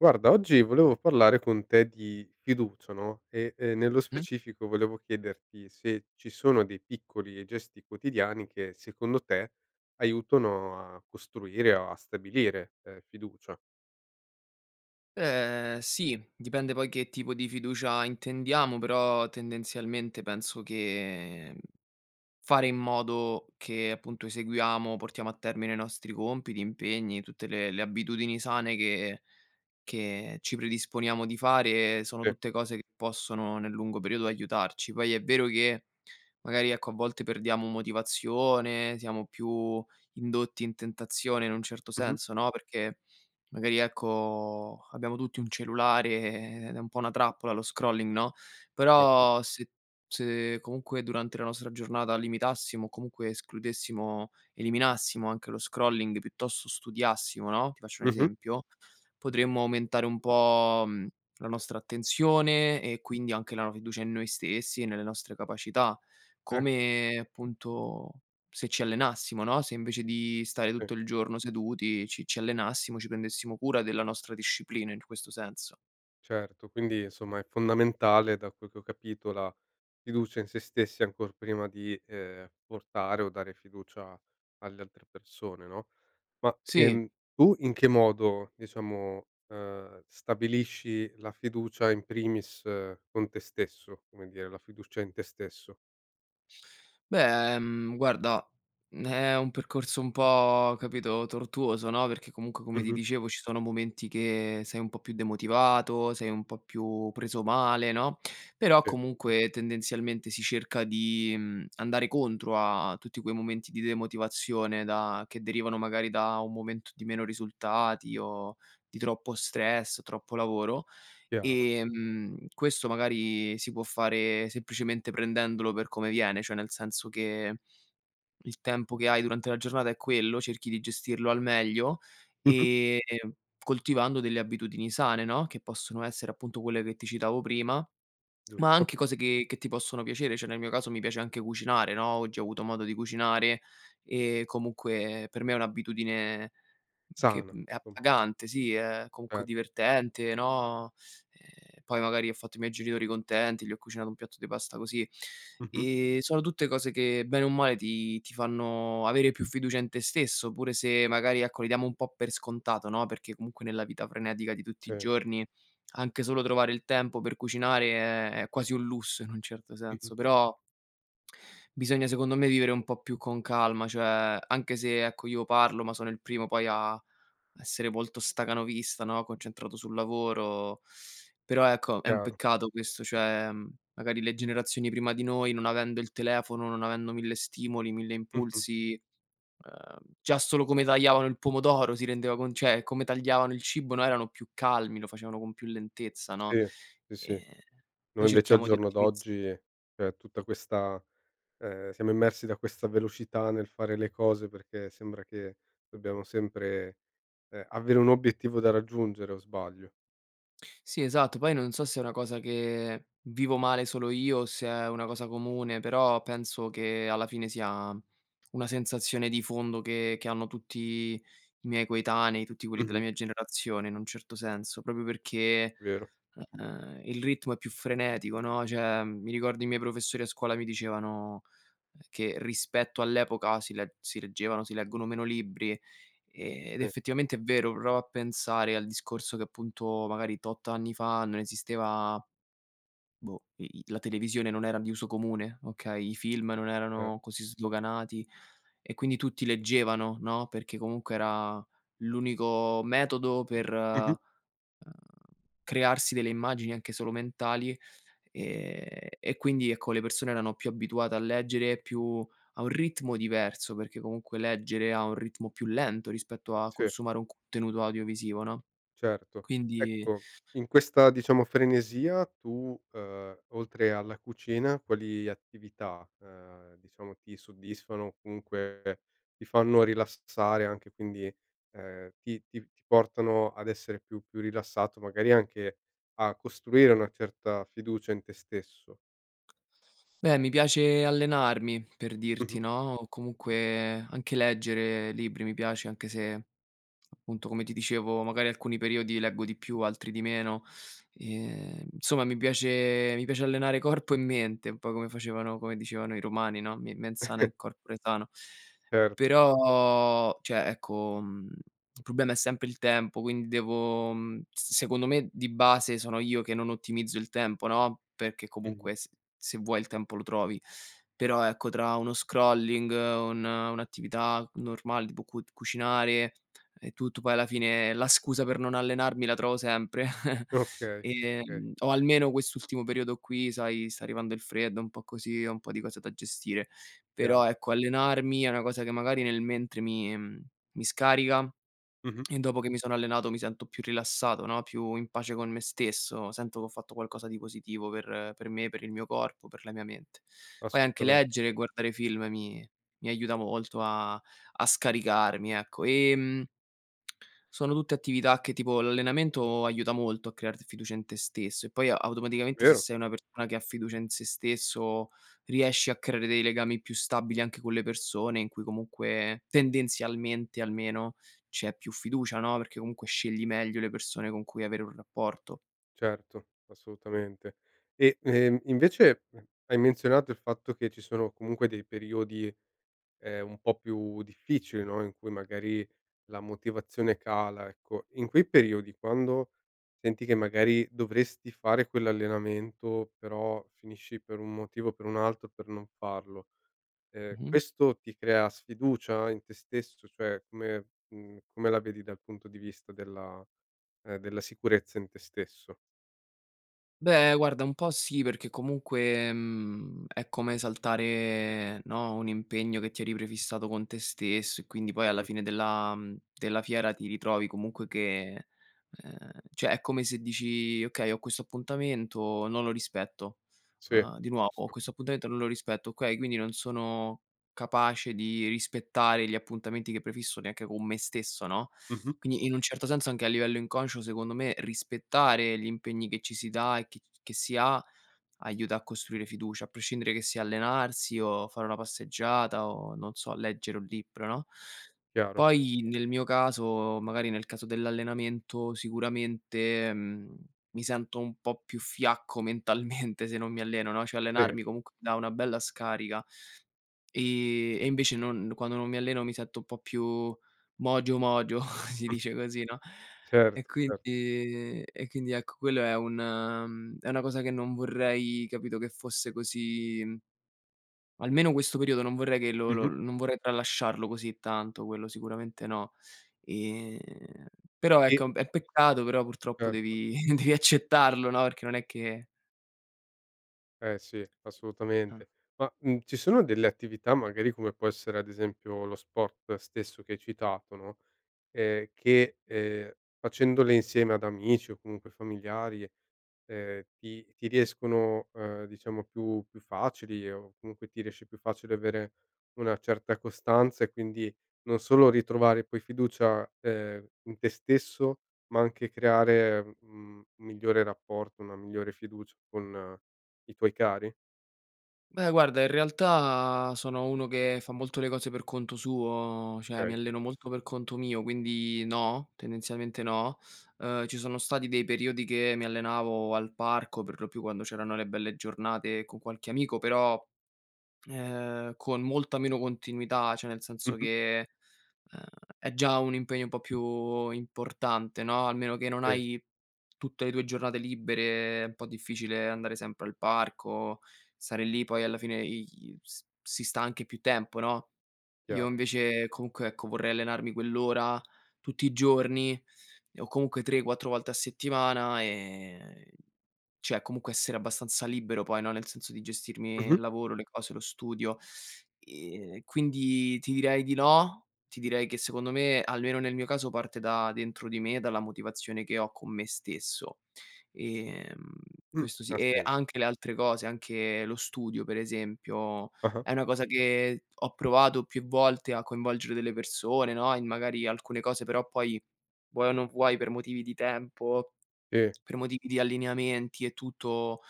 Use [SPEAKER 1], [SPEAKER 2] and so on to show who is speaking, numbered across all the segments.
[SPEAKER 1] Guarda oggi volevo parlare con te di fiducia no, ehm, e nello
[SPEAKER 2] Mh.
[SPEAKER 1] specifico volevo chiederti se ci sono dei piccoli gesti quotidiani che secondo te aiutano a costruire o a stabilire, uhm, fiducia.
[SPEAKER 2] Ehm, sì, dipende poi che tipo di fiducia intendiamo, però, tendenzialmente, penso che, mhmm, fare in modo che appunto eseguiamo, portiamo a termine i nostri compiti, impegni, tutte le le abitudini sane che che ci predisponiamo di fare, sono
[SPEAKER 1] Sì.
[SPEAKER 2] tutte cose che possono nel lungo periodo aiutarci. Poi è vero che, magari, ecco, a volte perdiamo motivazione, siamo più indotti in tentazione, in un certo
[SPEAKER 1] Mh-mh.
[SPEAKER 2] senso, no, perché magari, ecco, abbiamo tutti un cellulare e ed è un po' una trappola lo scrolling no.
[SPEAKER 1] Certo.
[SPEAKER 2] Però se se comunque durante la nostra giornata limitassimo o comunque escludessimo eliminassimo anche lo scrolling e piuttosto studiassimo, no, ti faccio un
[SPEAKER 1] Mh-mh.
[SPEAKER 2] esempio, potremmo aumentare un po', mhmm, la nostra attenzione e quindi anche la fiducia in noi stessi e nelle nostre capacità,
[SPEAKER 1] Ecco.
[SPEAKER 2] come, appunto, se ci allenassimo, no, se invece di stare
[SPEAKER 1] Sì.
[SPEAKER 2] tutto il giorno seduti ci ci allenassimo, ci prendessimo cura della nostra disciplina, in questo senso.
[SPEAKER 1] Certo. Quindi, insomma, è fondamentale da quel che ho capito la fiducia in sé stessi ancor prima di ehm, portare o dare fiducia alle altre persone, no? Ma,
[SPEAKER 2] Sì.
[SPEAKER 1] ehm, tu in che modo diciamo, uhm, stabilisci la fiducia in primis con te stesso, come dire la fiducia in te stesso?
[SPEAKER 2] Beh, mhmm, guarda, mhmm è un percorso un po', capito, tortuoso, no, perché comunque come ti
[SPEAKER 1] Mh-mh.
[SPEAKER 2] dicevo ci sono momenti che sei un po' più demotivato, sei un po' più preso male, no, però
[SPEAKER 1] Sì.
[SPEAKER 2] comunque, tendenzialmente, si cerca di, mhmm, andare contro a tutti quei momenti di demotivazione da che derivano magari da un momento di meno risultati o di troppo stress, troppo lavoro.
[SPEAKER 1] Chiaro.
[SPEAKER 2] Ehm, questo magari si può fare semplicemente prendendolo per come viene, cioè nel senso che il tempo che hai durante la giornata è quello, cerchi di gestirlo al meglio
[SPEAKER 1] Mh-mh.
[SPEAKER 2] e coltivando delle abitudini sane, no, che possono essere, appunto, quelle che ti citavo prima, ma
[SPEAKER 1] Giusto.
[SPEAKER 2] anche cose che che ti possono piacere, cioè nel mio caso mi piace anche cucinare, no, oggi ho avuto modo di cucinare e comunque per me è un'abitudine che,
[SPEAKER 1] Sana,
[SPEAKER 2] mhmm, è
[SPEAKER 1] com
[SPEAKER 2] appagante, sì, è comunque
[SPEAKER 1] Certo.
[SPEAKER 2] divertente, no, ehm, poi magari ho fatto i miei genitori contenti, gli ho cucinato un piatto de pasta così.
[SPEAKER 1] Mh-mh.
[SPEAKER 2] Ehm, sono tutte cose che bene o male ti ti fanno avere più fiducia in te stesso oppure se magari, ecco, li diamo un po' per scontato, no, perché comunque nella vita frenetica di tutti i
[SPEAKER 1] Sì.
[SPEAKER 2] giorni anche solo trovare il tempo per cucinare è è quasi un lusso in un certo
[SPEAKER 1] Mh-mh.
[SPEAKER 2] senso. Però bisogna, secondo me, vivere un po' più con calma, cioè anche se, ecco, io parlo ma sono il primo poi a a essere volto stacanovista, no, concentrato sul lavoro, però, ecco, è un
[SPEAKER 1] Chiaro.
[SPEAKER 2] peccato questo. Cioè, magari le generazioni prima di noi, non avendo il telefono, non avendo mille stimoli, mille
[SPEAKER 1] Mh-mh.
[SPEAKER 2] impulsi, uhm, già solo come tagliavano il pomodoro, si rendeva con cioè come tagliavano il cibo, no, erano più calmi, lo facevano con più lentezza, no?
[SPEAKER 1] Sì, sì, sì,
[SPEAKER 2] Ehm,
[SPEAKER 1] noi
[SPEAKER 2] noi
[SPEAKER 1] invece al
[SPEAKER 2] cerchiamo di
[SPEAKER 1] giorno
[SPEAKER 2] ottimizz
[SPEAKER 1] d'oggi cioè tutta questa ehm, siamo immersi da questa velocità nel fare le cose perché sembra che dobbiamo sempre ehm, avere un obiettivo da raggiungere, o sbaglio?
[SPEAKER 2] Sì, esatto, poi non so se è una cosa che vivo male solo io, o se è una cosa comune, però penso che, alla fine, sia una sensazione di fondo che che hanno tutti i miei coetanei, tutti quelli della
[SPEAKER 1] Mh-mh.
[SPEAKER 2] mia generazione, in un certo senso, proprio perché,
[SPEAKER 1] Vero.
[SPEAKER 2] uhm, il ritmo è più frenetico, no, cioè, mi ricordo i miei professori a scuola mi dicevano che rispetto all'epoca si le si leggevano si leggono meno libri, ehm, ed
[SPEAKER 1] Sì.
[SPEAKER 2] effettivamente, è vero. Prova a pensare al discorso che appunto magari tot anni fa non esisteva boh, i i la televisione non era di uso comune, okay, i film non
[SPEAKER 1] Cer
[SPEAKER 2] erano così sdoganati e quindi tutti leggevano, no, perché comunque era l'unico metodo per,
[SPEAKER 1] Mh-mh.
[SPEAKER 2] uhm, crearsi delle immagini anche solo mentali, ehm, e quindi, ecco, le persone erano più abituate a leggere, più a un ritmo diverso, perché comunque leggere ha un ritmo più lento rispetto a
[SPEAKER 1] Sì.
[SPEAKER 2] consumare un contenuto audiovisivo, no?
[SPEAKER 1] Certo,
[SPEAKER 2] Quindi
[SPEAKER 1] ecco in questa diciamo frenesia tu, uhm, oltre alla cucina quali attività, uhm, diciamo ti soddisfano, comunque ti fanno rilassare anche quindi ehm, ti ti ti portano ad essere più più rilassato magari anche a costruire una certa fiducia in te stesso?
[SPEAKER 2] Beh, mi piace allenarmi per dirti,
[SPEAKER 1] Mh-mh.
[SPEAKER 2] no, o comunque anche leggere libri mi piace, anche se appunto, come ti dicevo, magari alcuni periodi leggo di più, altri di meno. Ehm, insomma, mi piace mi piace allenare corpo e mente un po' come facevano come dicevano i romani, no, "me mens sana in corpore sano."
[SPEAKER 1] Cert
[SPEAKER 2] Però cioè, ecco, mhmm, il problema è sempre il tempo, quindi devo, mhmm, s secondo me, di base, sono io che non ottimizzo il tempo, no, perché
[SPEAKER 1] Mh-mh.
[SPEAKER 2] comunque s se vuoi il tempo lo trovi, però, ecco, tra uno scrolling, un un'attività normale tipo cu cucinare e tutto poi, alla fine, la scusa per non allenarmi la trovo sempre
[SPEAKER 1] Okay.
[SPEAKER 2] e
[SPEAKER 1] Okay.
[SPEAKER 2] o almeno quest'ultimo periodo qui, sai, sta arrivando il freddo, un po' così, ho un po' di cose da gestire.
[SPEAKER 1] Chiaro.
[SPEAKER 2] Però, ecco, allenarmi è una cosa che magari nel mentre mi mi scarica
[SPEAKER 1] Mh-mh.
[SPEAKER 2] e dopo che mi sono allenato mi sento più rilassato, no, più in pace con me stesso, sento che ho fatto qualcosa di positivo per per me, per il mio corpo, per la mia mente. Poi anche
[SPEAKER 1] Assolutamen
[SPEAKER 2] leggere e guardare film mi mi aiuta molto a a scaricarmi, ecco. Ehm, sono tutte attività che tipo l'allenamento aiuta molto a crearti fiducia in te stesso e poi automaticamente se
[SPEAKER 1] Vero.
[SPEAKER 2] sei una persona che ha fiducia in sé stesso, riesci a creare dei legami più stabili anche con le persone in cui comunque tendenzialmente almeno c'è più fiducia, no, perché comunque scegli meglio le persone con cui avere un rapporto.
[SPEAKER 1] Certo, assolutamente. E ehm, invece hai menzionato il fatto che ci sono comunque dei periodi ehm, un po' più difficili, no, in cui magari la motivazione cala, ecco. In quei periodi quando senti che magari dovresti fare quell'allenamento però finisci per un motivo o per un altro per non farlo, ehm,
[SPEAKER 2] Mh-mh.
[SPEAKER 1] questo ti crea sfiducia in te stesso? Cioè come mhmm, come la vedi dal punto di vista della uhm, della sicurezza in te stesso?
[SPEAKER 2] Beh, guarda, un po' sì perché comunque, mhmm, è come saltare, no, un impegno che ti eri prefissato con te stesso e quindi poi alla
[SPEAKER 1] Mh-mh.
[SPEAKER 2] fine della mhmm, della fiera ti ritrovi comunque che ehm, cioè è come se dici: "Okay, ho questo appuntamento, non lo rispetto",
[SPEAKER 1] Sì,
[SPEAKER 2] uhm, di nuovo
[SPEAKER 1] giusto.
[SPEAKER 2] "Questo appuntamento non lo rispetto"; okay, quindi non sono capace di rispettare gli appuntamenti che prefisso neanche con me stesso, no,
[SPEAKER 1] Mh-mh.
[SPEAKER 2] quindi, in un certo senso, anche a livello inconscio, secondo me, rispettare gli impegni che ci si dà e che c che si ha, aiuta a costruire fiducia, a prescindere che sia allenarsi o fare una passeggiata o, non so, leggere un libro, no?
[SPEAKER 1] Chiaro.
[SPEAKER 2] Poi nel mio caso magari nel caso dell'allenamento, sicuramente, mhmm, mi sento un po' più fiacco mentalmente se non mi alleno, no, cioè
[SPEAKER 1] Sì.
[SPEAKER 2] allenarmi comunque dà una bella scarica e e invece non quando non mi alleno mi sento un po' più mogio, mogio, si dice così, no? E
[SPEAKER 1] Certo, cert
[SPEAKER 2] quindi e quindi, ecco, quello è un mhmm, è una cosa che non vorrei, capito, che fosse così almeno questo periodo non vorrei che lo lo
[SPEAKER 1] Mh-mh.
[SPEAKER 2] non vorrei tralasciarlo così tanto, quello sicuramente no. Ehm, però,
[SPEAKER 1] I
[SPEAKER 2] ecco, è un p è un peccato, però purtroppo
[SPEAKER 1] Certo.
[SPEAKER 2] devi devi accettarlo, no, perché non è che
[SPEAKER 1] Eh, sì,
[SPEAKER 2] Ah.
[SPEAKER 1] assolutamente ma, mhmm, ci sono delle attività, magari, come può essere, ad esempio, lo sport stesso, che hai citato, no, e che, ehm, facendole insieme ad amici o comunque familiari, ehm, ti ti riescono, ehm, diciamo, più più facili o comunque ti riesce più facile avere una certa costanza e, quindi, non solo ritrovare poi fiducia, ehm, in te stesso, ma anche creare, mhmm, un migliore rapporto, una migliore fiducia con i tuoi cari?
[SPEAKER 2] Beh, guarda, in realtà, sono uno che fa molto le cose per conto suo, cioè mi
[SPEAKER 1] Okay.
[SPEAKER 2] alleno molto per conto mio, quindi no, tendenzialmente no. Uhm, ci sono stati dei periodi che mi allenavo al parco per lo più quando c'erano le belle giornate con qualche amico, però, ehm, con molta meno continuità, cioè nel senso
[SPEAKER 1] Mh-mh.
[SPEAKER 2] che, uhm, è già un impegno un po' più importante, no, almeno che non
[SPEAKER 1] Sì.
[SPEAKER 2] hai tutte le tue giornate libere, è un po' difficile andare sempre al parco, stare lì poi alla fine i s si sta anche più tempo, no; io
[SPEAKER 1] Chiaro.
[SPEAKER 2] invece comunque, ecco, vorrei allenarmi quell'ora tutti i giorni e o comunque 3-4 volte a settimana e cioè comunque essere abbastanza libero poi, no, nel senso di gestirmi
[SPEAKER 1] Mh-mh.
[SPEAKER 2] il lavoro, le cose, lo studio e quindi ti direi di no, ti direi che, secondo me, almeno nel mio caso, parte da dentro di me, dalla motivazione che ho con me stesso. Ehm,
[SPEAKER 1] Mh,
[SPEAKER 2] questo sì
[SPEAKER 1] ha
[SPEAKER 2] e
[SPEAKER 1] sens
[SPEAKER 2] anche le altre cose, anche lo studio, per esempio,
[SPEAKER 1] Ah-ah.
[SPEAKER 2] è una cosa che ho provato più volte a coinvolgere delle persone, no, e magari alcune cose, però, poi, vuoi o non vuoi, per motivi di tempo,
[SPEAKER 1] E
[SPEAKER 2] per motivi di allineamenti e tutto,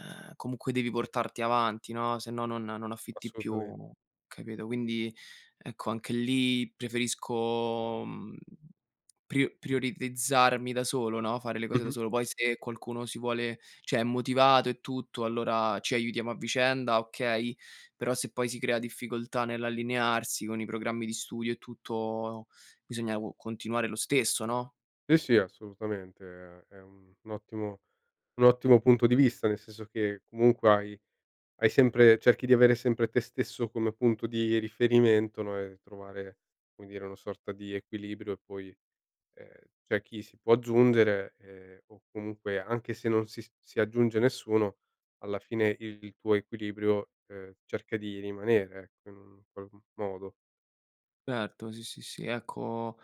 [SPEAKER 2] ehm, comunque devi portarti avanti no, se no non non affitti
[SPEAKER 1] Assolutamen
[SPEAKER 2] più, capito. Quindi ecco, anche lì preferisco mhmm, pri prioritizzarmi da solo no, fare le cose da
[SPEAKER 1] Mh-mh.
[SPEAKER 2] solo poi se qualcuno si vuole cioè è motivato e tutto, allora ci aiutiamo a vicenda okay, però se poi si crea difficoltà nell'allinearsi, con i programmi di studio e tutto, bisogna co continuare lo stesso no?
[SPEAKER 1] Sì, sì, assolutamente, è è un un ottimo un ottimo punto di vista, nel senso che comunque hai hai sempre cerchi di avere sempre te stesso come punto di riferimento, no, e trovare, come dire, una sorta di equilibrio e poi, ehm, c'è chi si può aggiungere, ehm, o comunque, anche se non si si aggiunge nessuno, alla fine il tuo equilibrio, ehm, cerca di rimanere, ecco, in un qual modo.
[SPEAKER 2] Erto, sì, sì, sì ecco,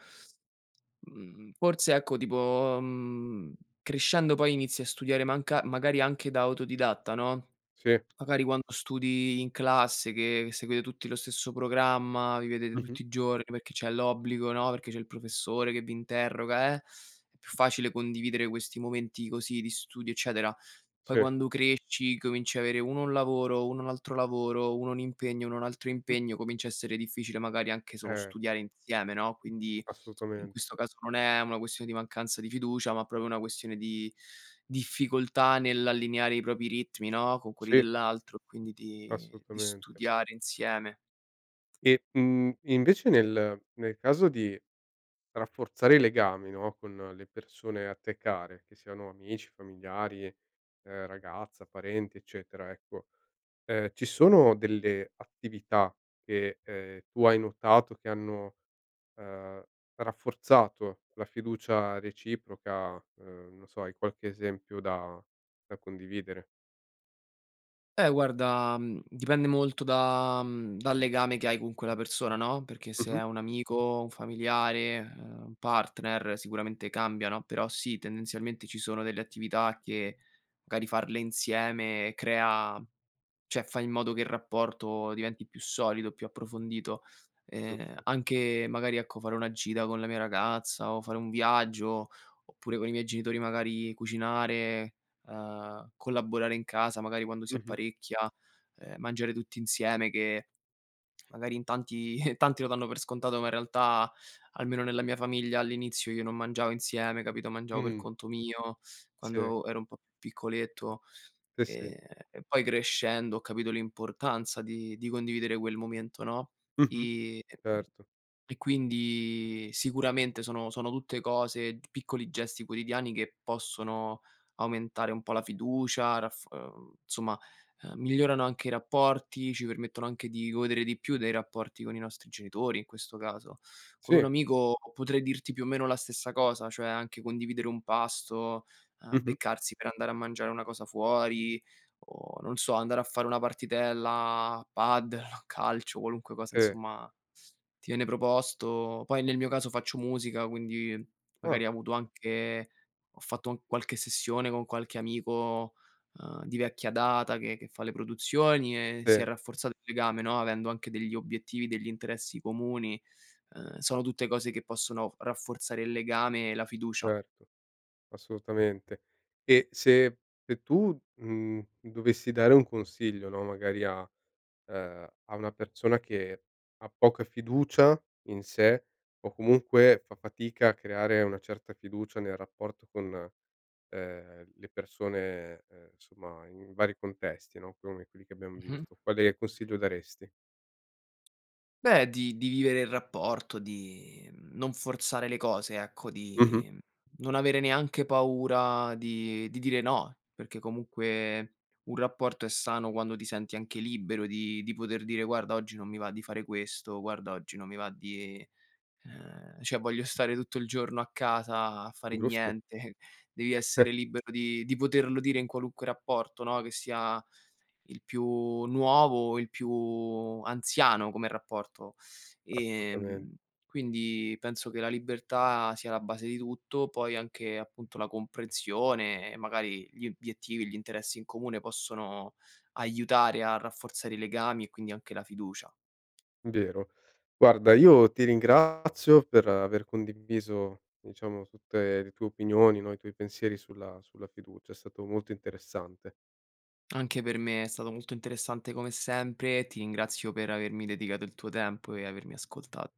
[SPEAKER 2] mhmm, forse ecco tipo, mhmm, crescendo poi inizi a studiare manca magari anche da autodidatta no,
[SPEAKER 1] Sì.
[SPEAKER 2] magari quando studi in classe che seguite tutti lo stesso programma, vi vedete
[SPEAKER 1] Mh-mh.
[SPEAKER 2] tutti i giorni, perché c'è l'obbligo, no, perché c'è il professore che vi interroga eh, è più facile condividere questi momenti così di studio, eccetera. Poi
[SPEAKER 1] Sì.
[SPEAKER 2] quando cresci cominci avere uno un lavoro, uno un altro lavoro, uno un impegno, uno un altro
[SPEAKER 1] Mh.
[SPEAKER 2] impegno, comincia a essere difficile, magari anche solo
[SPEAKER 1] Eh.
[SPEAKER 2] studiare insieme, no, quindi in
[SPEAKER 1] Assolutamente.
[SPEAKER 2] questo caso non è una questione di mancanza di fiducia, ma proprio una questione di difficoltà nell'allineare i propri ritmi no, con quelli
[SPEAKER 1] Sì.
[SPEAKER 2] dell'altro, e quindi di di
[SPEAKER 1] Assolutamente.
[SPEAKER 2] studiare insieme.
[SPEAKER 1] E, mhmm, invece nel nel caso di rafforzare i legami, no, con le persone a te care, che siano amici, familiari, ehm, ragazza, parenti, eccetera, ecco, ehm, ci sono delle attività che, ehm, tu hai notato che hanno, ehm, rafforzato la fiducia reciproca, ehm, non so, hai qualche esempio da da condividere?
[SPEAKER 2] Eh, guarda, mhmm, dipende molto da mhmm, dal legame che hai con quella persona, no, perché se
[SPEAKER 1] Mh-mh.
[SPEAKER 2] è un amico, un familiare, uhm, un partner, sicuramente cambia no, però, sì, tendenzialmente ci sono delle attività che magari farle insieme crea cioè fai in modo che il rapporto diventi più solido, più approfondito. Ehm,
[SPEAKER 1] Giusto.
[SPEAKER 2] anche magari, ecco, fare una gita con la mia ragazza, o fare un viaggio, oppure con i miei genitori magari cucinare, uhm, collaborare in casa magari, quando si
[SPEAKER 1] Mh-mh.
[SPEAKER 2] apparecchia, ehm, mangiare tutti insieme, che magari in tanti tanti lo danno per scontato, ma, in realtà, almeno nella mia famiglia, all'inizio, io non mangiavo insieme, capito, mangiavo per
[SPEAKER 1] Mh.
[SPEAKER 2] conto mio,
[SPEAKER 1] Sì.
[SPEAKER 2] quando ero un po' piccoletto.
[SPEAKER 1] Sì, sì.
[SPEAKER 2] Ehm, e poi, crescendo, ho capito l'importanza di di condividere quel momento, no,
[SPEAKER 1] Mh-mh.
[SPEAKER 2] i mhmm,
[SPEAKER 1] Erto.
[SPEAKER 2] e quindi sicuramente sono sono tutte cose, t piccoli gesti quotidiani che possono aumentare un po' la fiducia, raffor ehm, insomma migliorano anche i rapporti, ci permettono anche di godere di più dei rapporti con i nostri genitori, in questo caso. Con un
[SPEAKER 1] Sì.
[SPEAKER 2] amico potrei dirti, più o meno, la stessa cosa, cioè anche condividere un pasto, ehm,
[SPEAKER 1] Mh-mh.
[SPEAKER 2] beccarsi per andare a mangiare una cosa fuori o, non so, andare a fare una partitella, a padel o a calcio, qualunque cosa,
[SPEAKER 1] Sì.
[SPEAKER 2] insomma, ti viene proposto. Poi, nel mio caso, faccio musica, quindi
[SPEAKER 1] Ah.
[SPEAKER 2] magari ho avuto anche ho fatto qualche sessione con qualche amico, uhm, di vecchia data che che fa le produzioni e si è
[SPEAKER 1] Sì.
[SPEAKER 2] rafforzato il legame, no, avendo anche degli obiettivi, degli interessi comuni, uhm, sono tutte cose che possono rafforzare il legame e la fiducia.
[SPEAKER 1] Certo. Assolutamente. E se se tu, mhmm, dovessi dare un consiglio, no, magari a ehm, a una persona che ha poca fiducia in sé o comunque fa fatica a creare una certa fiducia nel rapporto con, ehm, le persone, ehm, insomma in vari contesti, no, come quelli che abbiam
[SPEAKER 2] Mh-mh.
[SPEAKER 1] visto, quale consiglio daresti?
[SPEAKER 2] Beh di di vivere il rapporto, di non forzare le cose, ecco,
[SPEAKER 1] Mh-mh.
[SPEAKER 2] di non avere neanche paura di di dire no, perché comunque un rapporto è sano quando ti senti anche libero di di poter dire: "Guarda, oggi non mi va di fare questo, guarda oggi non mi va di ehm, cioè voglio stare tutto il giorno a casa a fare
[SPEAKER 1] Giusto.
[SPEAKER 2] niente": Devi essere libero di di poterlo dire in qualunque rapporto, no, che sia il più nuovo o il più anziano come rapporto,
[SPEAKER 1] Assolutamen
[SPEAKER 2] ehm, quindi penso che la libertà sia la base di tutto. Poi anche, appunto, la comprensione magari gli obiettivi e gli interessi in comune, possono aiutare a rafforzare i legami e, quindi, anche la fiducia.
[SPEAKER 1] Vero, guarda, io ti ringrazio per aver condiviso, diciamo, tutte le tue opinioni, no, i tuoi pensieri sulla sulla fiducia. È stato molto interessante.
[SPEAKER 2] Anche per me è stato molto interessante come sempre, ti ringrazio per avermi dedicato il tuo tempo e avermi ascolta